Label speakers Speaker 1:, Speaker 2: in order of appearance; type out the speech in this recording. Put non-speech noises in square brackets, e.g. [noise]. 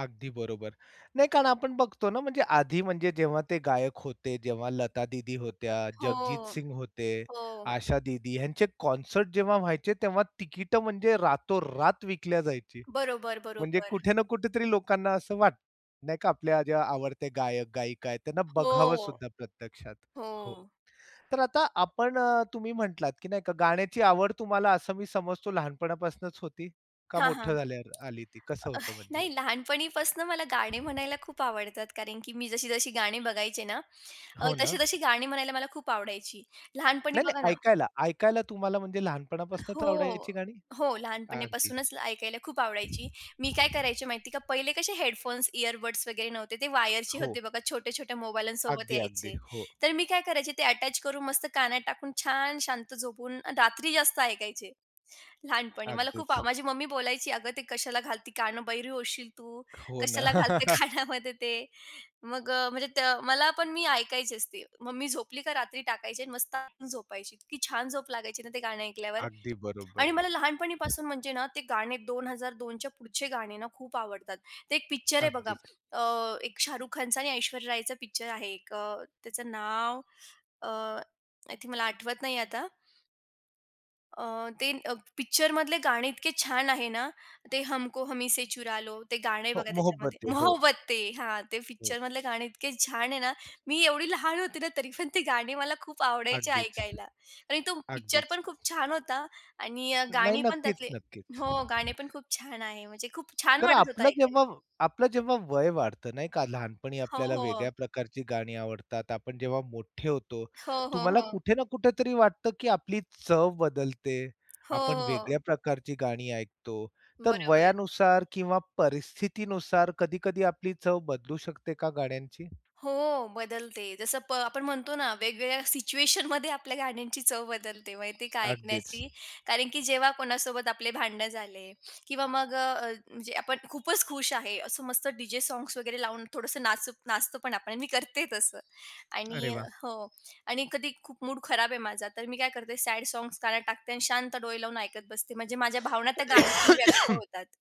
Speaker 1: अगदी बरोबर, नाही कारण आपण बघतो ना, म्हणजे आधी म्हणजे जेव्हा ते गायक होते जेव्हा लता दीदी होत्या,
Speaker 2: हो,
Speaker 1: जगजीत सिंग होते,
Speaker 2: हो.
Speaker 1: आशा दीदी ह्यांचे कॉन्सर्ट जेव्हा व्हायचे तेव्हा तिकीट म्हणजे रातोरात विकल्या जायची.
Speaker 2: बरोबर,
Speaker 1: म्हणजे
Speaker 2: बरोबर.
Speaker 1: कुठे ना कुठेतरी लोकांना असं वाटतं नाही का आपल्या आवडत्या गायक-गायिका आहेत त्यांना बघावं
Speaker 2: हो,
Speaker 1: सुद्धा प्रत्यक्षात. हो,
Speaker 2: हो.
Speaker 1: तर आता आपण अ, तुम्ही म्हटलात की नाही का गाण्याची आवड तुम्हाला असं मी समजतो लहानपणापासनच होती? का
Speaker 2: हां, हां.
Speaker 1: मोठं झाल्यावर आली ती कसं होतं म्हणजे?
Speaker 2: नाही लहानपणीपासन मला गाणे म्हणायला खूप आवडतात कारण की मी जशी जशी गाणी बघायचे ना, अ,
Speaker 1: हो ना?
Speaker 2: तशी-तशी गाणी म्हणायला मला खूप आवडायची लहानपणी
Speaker 1: नाही,
Speaker 2: बघा
Speaker 1: नाही
Speaker 2: ना,
Speaker 1: ऐकायला, ऐकायला तुम्हाला म्हणजे लहानपणापासूनच
Speaker 2: हो,
Speaker 1: आवडायची गाणी?
Speaker 2: हो,
Speaker 1: अगदी.
Speaker 2: लहानपणीपासूनच ऐकायला खूप आवडायची. मी काय करायची माहिती का, पहिले कसे हेडफोन्स, इयरबड्स वगैरे नव्हते ते वायरचे
Speaker 1: हो.
Speaker 2: होते बघा छोट्या-छोट्या मोबाईल्ससोबत
Speaker 1: अगदी, अगदी
Speaker 2: यायचे,
Speaker 1: हो.
Speaker 2: तर मी काय करायचे ते अटॅच करून मस्त कानात टाकून छान शांत झोपून रात्री जास्त ऐकायचे. लहानपणी मला खूप
Speaker 1: अगदीच.
Speaker 2: माझी मम्मी बोलायची "अगं ते कशाला घालते कान बहिरे होशील तू
Speaker 1: हो ना.
Speaker 2: कशाला घालते
Speaker 1: [chuckles]
Speaker 2: कानामध्ये ते" मग अ, म्हणजे त मला पण मी ऐकायची असते. मम्मी झोपली का रात्री टाकायची आणि मस्त झोपायची इतकी छान झोप लागायची ना, ते गाणं ऐकल्यावर
Speaker 1: अगदी
Speaker 2: आणि
Speaker 1: बरोबर.
Speaker 2: मला लहानपणीपासून म्हणजे ना, ते गाणे 2002च्या च्या पुढचे गाणे ना, खूप आवडतात. ते एक पिक्चर आहे बघा
Speaker 1: अगदीच.
Speaker 2: अ, एक शाहरुख खानचा आणि ऐश्वर्या रायचं पिक्चर आहे एक अ, त्याचं नाव अ, आय थिंक मला आठवत नाहीये आता. अ, ते पिक्चरमधले गाणे इतके छान आहे ना, ते "हमको हमी से चुरा लो" ते गाणं आहे
Speaker 1: हो,
Speaker 2: बघा त्याच्यामध्ये,
Speaker 1: "मोहब्बते" हो.
Speaker 2: "मोहब्बतें." हां, ते
Speaker 1: हो.
Speaker 2: पिक्चरमधले गाणे इतके छान आहे ना, मी एवढी लहान होते ना, तरी पण ती गाणी मला खूप आवडायची
Speaker 1: अगदीच.
Speaker 2: ऐकायला आणि तो पिक्चर
Speaker 1: अगदीच.
Speaker 2: पण खूप छान होता आणि अ,
Speaker 1: नाही.
Speaker 2: गाणी पण
Speaker 1: नक्कीच,
Speaker 2: त्यातली
Speaker 1: नक्कीच.
Speaker 2: हो गाणी पण खूप छान आहेत म्हणजे खूप छान
Speaker 1: तर
Speaker 2: वाटत होतं
Speaker 1: आपलं
Speaker 2: ऐकायला.
Speaker 1: जेव्हा आपलं जेव्हा वय वाढतं नाही का, लहानपणी
Speaker 2: हो,
Speaker 1: आपल्याला
Speaker 2: हो.
Speaker 1: वेगळ्या प्रकारची गाणी आवडतात आपण जेव्हा मोठे होतो,
Speaker 2: हो, हो,
Speaker 1: तुम्हाला
Speaker 2: हो.
Speaker 1: कुठे ना कुठेतरी वाटतं, की आपली चव बदलते.
Speaker 2: हो,
Speaker 1: आपण वेगळ्या
Speaker 2: हो.
Speaker 1: प्रकारची गाणी ऐकतो, तर
Speaker 2: बरोबर.
Speaker 1: वयानुसार किंवा परिस्थितीनुसार कधी-कधी आपली चव बदलू शकते का गाण्यांची?
Speaker 2: हो, बदलते जसं प आपण म्हणतो ना, वेगवेगळ्या सिच्युएशनमध्ये आपल्या गाण्यांची चव बदलते माहिती आहे का
Speaker 1: अगदीच.
Speaker 2: ऐकण्याची कारण की जेव्हा कोणासोबत आपले भांडणं झाले किंवा मग अ, म्हणजे आपण खूपच खुश आहे. असं मस्त डीजे साँग्स वगैरे लावून थोडंसं नाचु नाचतो पण आपण मी करते तसं
Speaker 1: अरे
Speaker 2: आणि
Speaker 1: वाह!
Speaker 2: हो आणि कधी खूप मूड खराब आहे माझा तर मी काय करते सॅड साँग्स कानात टाकते आणि शांत डोळे लावून ऐकत बसते म्हणजे माझ्या भावना त्या गाण्यातून व्यक्त
Speaker 1: [coughs]
Speaker 2: होतात.